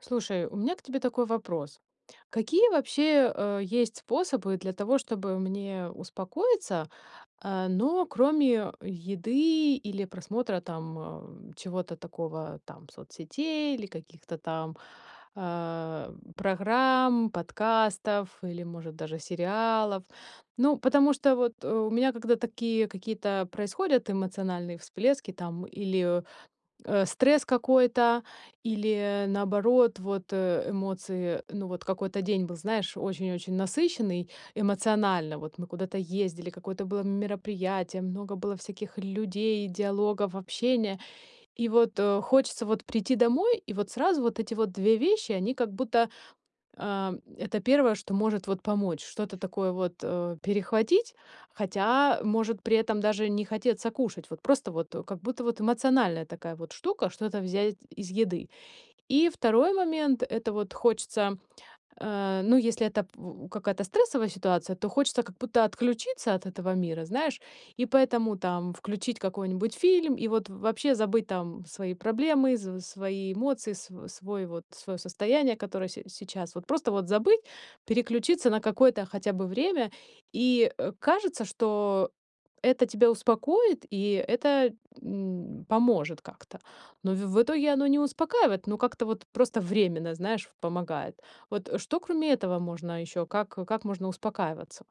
Слушай, у меня к тебе такой вопрос. Какие вообще, э, есть способы для того, чтобы мне успокоиться, э, ну, кроме еды или просмотра там, э, чего-то такого, там соцсетей или каких-то там, э, программ, подкастов или, может, даже сериалов? Ну, потому что вот, э, у меня когда такие какие-то происходят эмоциональные всплески там или, э, стресс какой-то, или, наоборот, вот, э, эмоции. Ну вот какой-то день был, знаешь, очень-очень насыщенный эмоционально. Вот мы куда-то ездили, какое-то было мероприятие, много было всяких людей, диалогов, общения. И вот, э, хочется вот прийти домой, и вот сразу вот эти вот 2 вещи, они как будто, э, это 1, что может вот помочь, что-то такое вот, э, перехватить, хотя может при этом даже не хотеться кушать. Вот просто вот как будто вот эмоциональная такая вот штука- что-то взять из еды. И 2 момент- это вот хочется, э, ну, если это пу какая-то стрессовая ситуация, то хочется как будто отключиться от этого мира, знаешь, и поэтому там включить какой-нибудь фильм и вот вообще забыть там свои проблемы, св свои эмоции, св свой вот своё состояние, которое се сейчас. Вот просто вот забыть, переключиться на какое-то хотя бы время. И, э, кажется, что это тебя успокоит, и это, м, поможет как-то. Но в в итоге оно не успокаивает, но как-то вот просто временно, знаешь, в помогает. Вот что кроме этого можно ещё? Как как можно успокаиваться?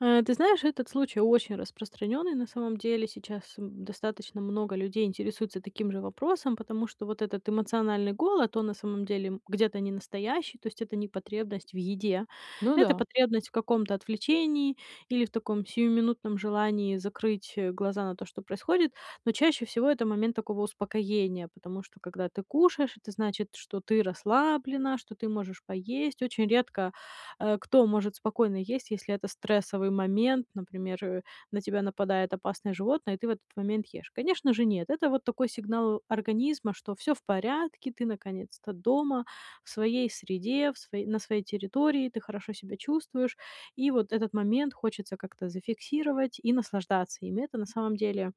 Э, ты знаешь, этот случай очень распространённый на самом деле. Сейчас, м, достаточно много людей интересуются таким же вопросом, потому что вот этот эмоциональный голод, он на самом деле, м, где-то не настоящий. То есть это не потребность в еде, Ну это да. потребность в каком-то отвлечении или в таком сиюминутном желании закрыть глаза на то, что происходит. Но чаще всего это момент такого успокоения. Потому что когда ты кушаешь, это значит, что ты расслаблена, что ты можешь поесть. Очень редко, э, кто может спокойно есть, если это стрессовый момент, например, э, на тебя нападает опасное животное, ты в этот момент ешь. Конечно же, нет. Это вот такой сигнал организма, что всё в порядке, ты наконец-то дома в своей среде, в сво на своей территории, ты хорошо себя чувствуешь. И вот этот момент хочется как-то зафиксировать и наслаждаться им. И это на самом деле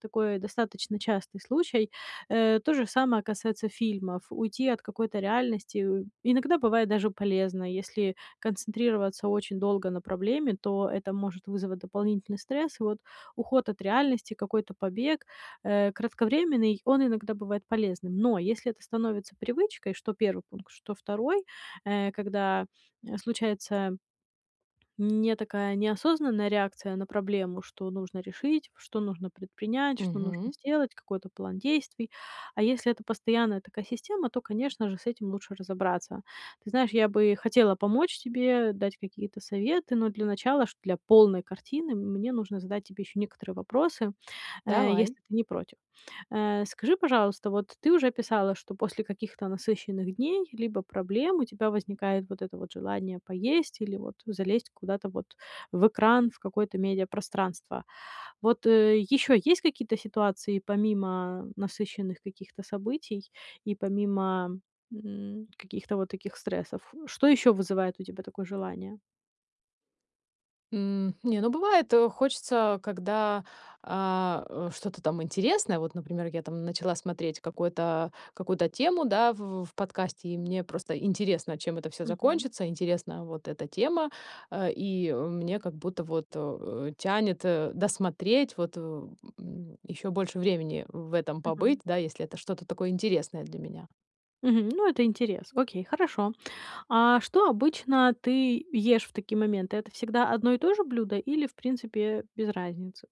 такой достаточно частый случай. Э, то же самое касается фильмов. Уйти от какой-то реальности, э, иногда бывает даже полезно. Если концентрироваться очень долго на проблеме, то это может вызвать дополнительный стресс. И вот уход от реальности, какой-то побег, э, кратковременный, он иногда бывает полезным. Но если это становится привычкой, что 1 пункт, что 2, э, когда, э, случается не такая неосознанная реакция на проблему, что нужно решить, что нужно предпринять, что нужно Мгм. сделать, какой-то план действий. А если это постоянная такая система, то, конечно же, с этим лучше разобраться. Ты знаешь, я бы хотела помочь тебе, дать какие-то советы, но для начала, шт для полной картины, мне нужно задать тебе ещё некоторые вопросы, э, Давай. если ты не против. Э, скажи, пожалуйста, вот ты уже писала, что после каких-то насыщенных дней либо проблем у тебя возникает вот это вот желание поесть или вот залезть куда-то вот в экран, в какое-то медиапространство. Вот, э, ещё есть какие-то ситуации помимо насыщенных каких-то событий и помимо, м, каких-то вот таких стрессов? Что ещё вызывает у тебя такое желание? М, не, ну, бывает, э, хочется, когда, а, э, что-то там интересное. Вот, например, я там начала смотреть какой-то какую-то тему, да, в в подкасте, и мне просто интересно, чем это всё Мгм. закончится, интересна вот эта тема, а, и, э, мне как будто вот, э, тянет, э, досмотреть, вот, в м, ещё больше времени в этом побыть, Мгм. да, если это что-то такое интересное для меня. Мгм, ну, это интерес. Окей, хорошо. А что обычно ты ешь в такие моменты? Это всегда одно и то же блюдо или, в принципе, без разницы?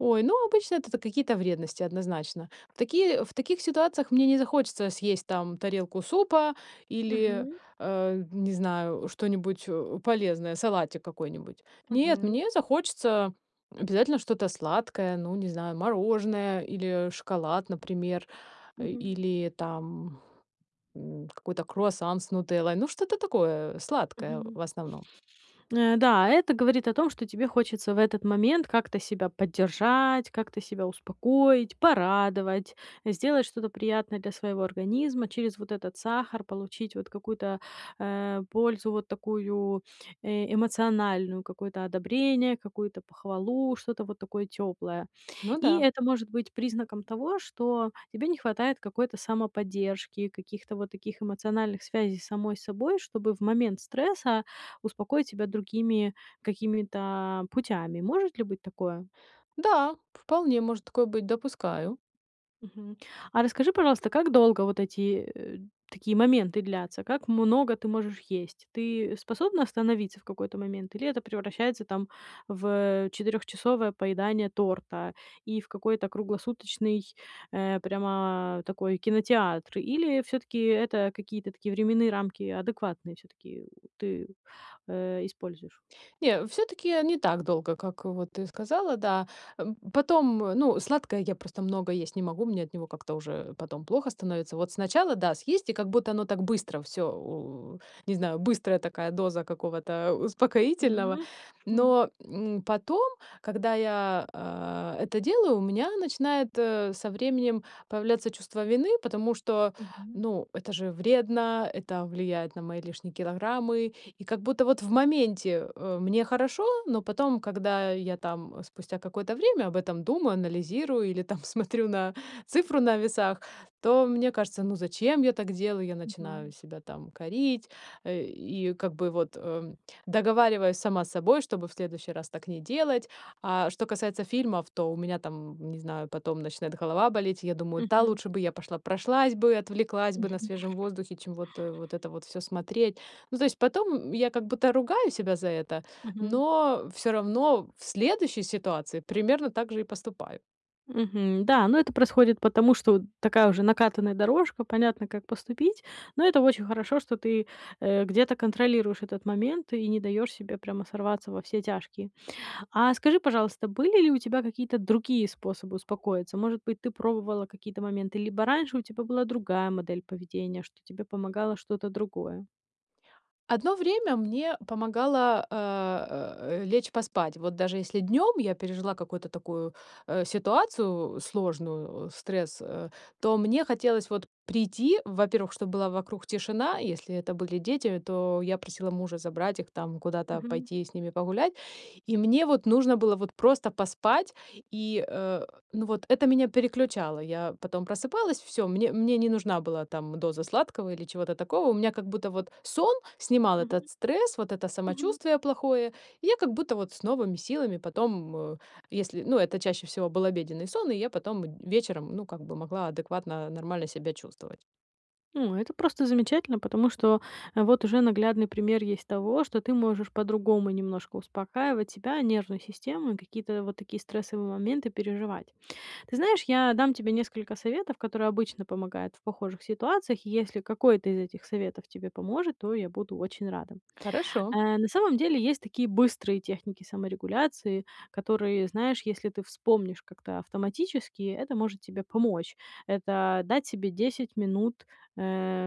Ой, ну, обычно это та какие-то вредности, однозначно. В такие в таких ситуациях мне не захочется съесть там тарелку супа или, Мгм. а, не знаю, что-нибудь, э, полезное, салатик какой-нибудь. Нет, Мгм. мне захочется обязательно что-то сладкое, ну, не знаю, мороженое или шоколад, например, э, Мгм. или там, м, какой-то круассан с нутеллой. Ну, что-то такое сладкое Мгм. в основном. Н-да, это говорит о том, что тебе хочется в этот момент как-то себя поддержать, как-то себя успокоить, порадовать, сделать что-то приятное для своего организма. Через вот этот сахар получить вот какую-то, э, пользу, вот такую, э, эмоциональную, какое-то одобрение, какую-то похвалу, что-то вот такое тёплое. Ну И да. это может быть признаком того, что тебе не хватает какой-то самоподдержки, каких-то вот таких эмоциональных связей с самой собой, чтобы в момент стресса успокоить себя другими какими-то путями. Может ли быть такое? Да, вполне может такое быть. Допускаю. Мгм, а расскажи, пожалуйста, как долго вот эти, э, такие моменты длятся? Как много ты можешь есть? Ты способна остановиться в какой-то момент или это превращается там в, э, четырёхчасовое поедание торта и в какой-то круглосуточный, э, прямо такой кинотеатр? Или всё-таки это какие-то такие временные рамки адекватные, всё-таки ты, э, используешь? Не, всё-таки, э, не так долго, как вот ты сказала, да. М, потом, ну, сладкое я просто много есть не могу, мне от него как-то уже потом плохо становится. Вот сначала да, съесть, и как будто оно так быстро всё у не знаю, быстрая такая доза какого-то успокоительного. Мгм, хм. Но, м, потом, когда я, э, это делаю, у меня начинает, э, со временем появляться чувство вины. Потому что, Мгм. ну, это же вредно, это влияет на мои лишние килограммы. И как будто вот в моменте, э, мне хорошо, но потом, когда я там, э, спустя какое-то время, об этом думаю, анализирую или там смотрю на цифру на весах, то мне кажется: "Ну, зачем я так делаю?" Я начинаю Мгм. себя там корить, э, и как бы вот, эм, договариваюсь сама с собой, чтобы в следующий раз так не делать. А что касается фильмов, то у меня там, м, не знаю, потом начинает голова болеть. Я думаю: "Та Мгм. лучше бы я пошла прошлась бы, отвлеклась бы на Мгм. свежем воздухе, чем вот, э, вот это вот всё смотреть". Ну, знаешь, потом, м, я как будто ругаю себя за это. Мгм. Но всё равно в следующей ситуации примерно так же и поступаю. Мгм, да, но это происходит потому, что такая уже накатанная дорожка, понятно, как поступить. Но это очень хорошо, что ты, э, где-то контролируешь этот момент и не даёшь себе прямо сорваться во все тяжкие. А скажи, пожалуйста, были ли у тебя какие-то другие способы успокоиться? Может быть, ты пробовала какие-то моменты, либо раньше у тебя была другая модель поведения, что тебе помогало что-то другое? Одно время мне помогало, э, лечь поспать. Вот даже если днём я пережила какую-то такую, э, ситуацию сложную, э, стресс, э, то мне хотелось вот прийти, во-первых, чтоб была вокруг тишина. Если это были дети, то я просила мужа забрать их там, куда-то Мгм. пойти с ними погулять. И мне вот нужно было вот просто поспать, и, э, ну, вот это меня переключало. Я потом просыпалась, всё, мне мне не нужна была там доза сладкого или чего-то такого. У меня как будто вот сон снимал этот Мгм, стресс, вот это мгм. самочувствие плохое. И я как будто вот с новыми силами потом, э, если ну это чаще всего был обеденный сон, и я потом б вечером, ну, как бы могла адекватно нормально себя чувствовать. О, это просто замечательно, потому что, э, вот уже наглядный пример есть того, что ты можешь по-другому немножко успокаивать себя, нервную систему и какие-то вот такие стрессовые моменты переживать. Ты знаешь, я дам тебе несколько советов, которые обычно помогают в похожих ситуациях, и если какой-то из этих советов тебе поможет, то я буду очень рада. Хорошо. Э, на самом деле есть такие быстрые техники саморегуляции, которые, знаешь, если ты вспомнишь как-то автоматически, это может тебе помочь. Это- дать себе 10 минут, эм,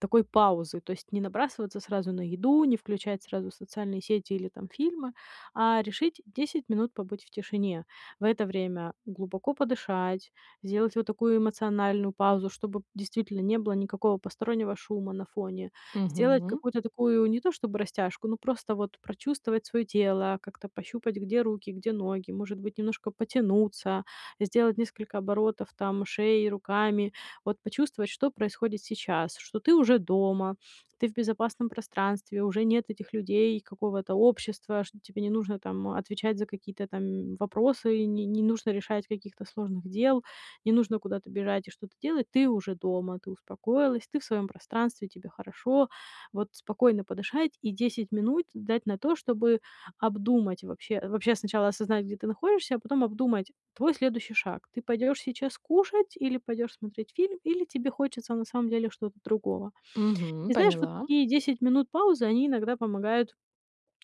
такой паузы. То есть не набрасываться сразу на еду, не включать сразу социальные сети или там фильмы, а, решить 10 минут побыть в тишине. В это время глубоко подышать, сделать вот такую эмоциональную паузу, чтобы, п действительно не было никакого постороннего шума на фоне. Сделать Мгм. какую-то такую, не то чтобы растяжку, но просто вот прочувствовать своё тело, как-то пощупать, где руки, где ноги. Может быть, немножко потянуться, сделать несколько оборотов там шеи, руками. Вот почувствовать, что происходит сейчас, что ты уже дома, ты в безопасном пространстве. Уже нет этих людей, какого-то общества, что тебе не нужно там отвечать за какие-то там, м, вопросы. И ни не нужно решать каких-то сложных дел, не нужно куда-то бежать и что-то делать. Ты уже дома, ты успокоилась, ты в своём пространстве, тебе хорошо. Вот спокойно подышать и 10 минут дать на то, чтобы обдумать. Вообще вообще сначала осознать, где ты находишься, а потом обдумать твой следующий шаг. Ты пойдёшь сейчас кушать или пойдёшь смотреть фильм? Или тебе хочется на самом деле что-то другого. Мгм, И знаешь, вот поняла. такие 10 минут паузы, они иногда помогают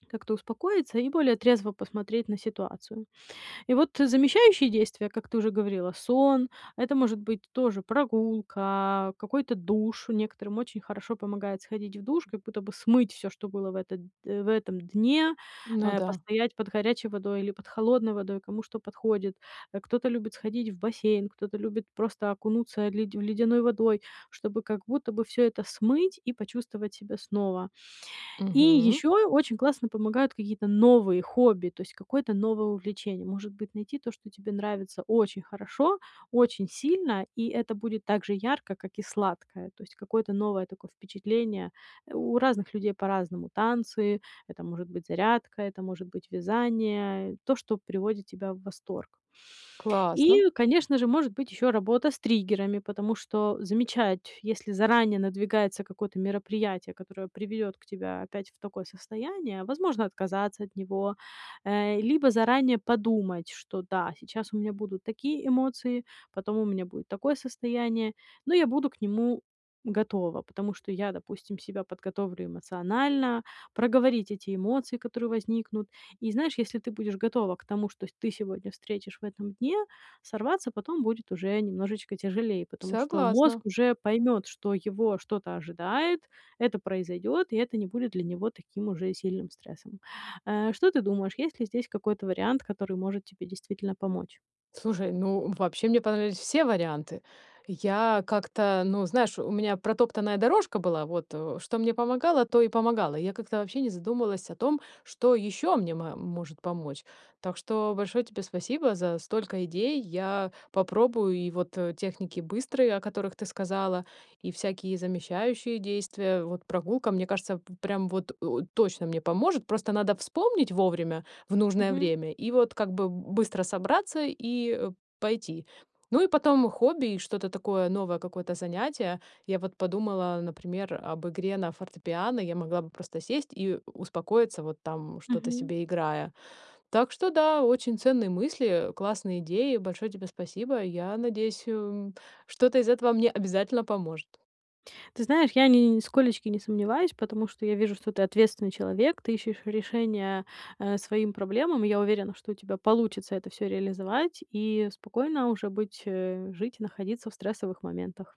как-то успокоиться и более трезво посмотреть на ситуацию. И вот замещающие действия, как ты уже говорила: сон, это может быть тоже прогулка, какой-то душ. Некоторым очень хорошо помогает сходить в душ, как будто бы смыть всё, что было в этот э, в этом дне. Ну Э, да. постоять под горячей водой или под холодной водой, кому что подходит. Э, кто-то любит сходить в бассейн, кто-то любит просто окунуться, э, ледь в ледяной водой, чтобы как будто бы всё это смыть и почувствовать себя снова. И Мгм. ещё и очень классно помогают какие-то новые хобби, то есть какое-то новое увлечение. Может быть, найти то, что тебе нравится очень хорошо, очень сильно, и это будет так же ярко, как и сладкое. То есть какое-то новое такое впечатление. Э, у разных людей по-разному: танцы, это может быть зарядка, это может быть вязание, э, то, что приводит тебя в восторг. Классно. И, конечно же, может быть ещё работа с триггерами. Потому что замечать, если заранее надвигается какое-то мероприятие, которое приведёт к тебя опять в такое состояние, возможно отказаться от него. Э, либо заранее подумать, что, да, сейчас у меня будут такие эмоции, потом у меня будет такое состояние, но я буду к нему готова. Потому что я, допустим, себя подготовлю эмоционально, проговорить эти эмоции, которые возникнут. И знаешь, если ты будешь готова к тому, что с ты сегодня встретишь в этом дне, сорваться потом будет уже немножечко тяжелей. Потому что Согласна. мозг уже поймёт, что его что-то ожидает. Это произойдёт, и это не будет для него таким уже сильным стрессом. Э, что ты думаешь, есть ли здесь какой-то вариант, который может тебе действительно помочь? Слушай, ну, вообще мне понравились все варианты. Я как-то, ну, знаешь, у меня протоптанная дорожка была. Вот, э, что мне помогало, то и помогало. Я как-то вообще не задумалась о том, что ещё мне ма может помочь. Так что большое тебе спасибо за столько идей. Я попробую и вот, э, техники быстрые, о которых ты сказала, и всякие замещающие действия. Вот прогулка, мне кажется, в прям вот у точно мне поможет. Просто надо вспомнить вовремя, в нужное Мгм. время, и вот как бы быстро собраться и, э, пойти. Ну, и потом хобби и что-то такое новое, какое-то занятие. Я вот подумала, например, об игре на фортепиано. Я могла бы просто сесть и у успокоиться, вот там что-то Мгм. себе играя. Так что да, очень ценные мысли, э, классные идеи. Большое тебе спасибо. Я надеюсь, ум что-то из этого мне обязательно поможет. Ты знаешь, я ни ни нисколечки не сомневаюсь. Потому что я вижу, что ты ответственный человек, ты ищешь решения, э, своим проблемам. Я уверена, что у тебя получится это всё реализовать и спокойно уже быть э, жить и находиться в стрессовых моментах.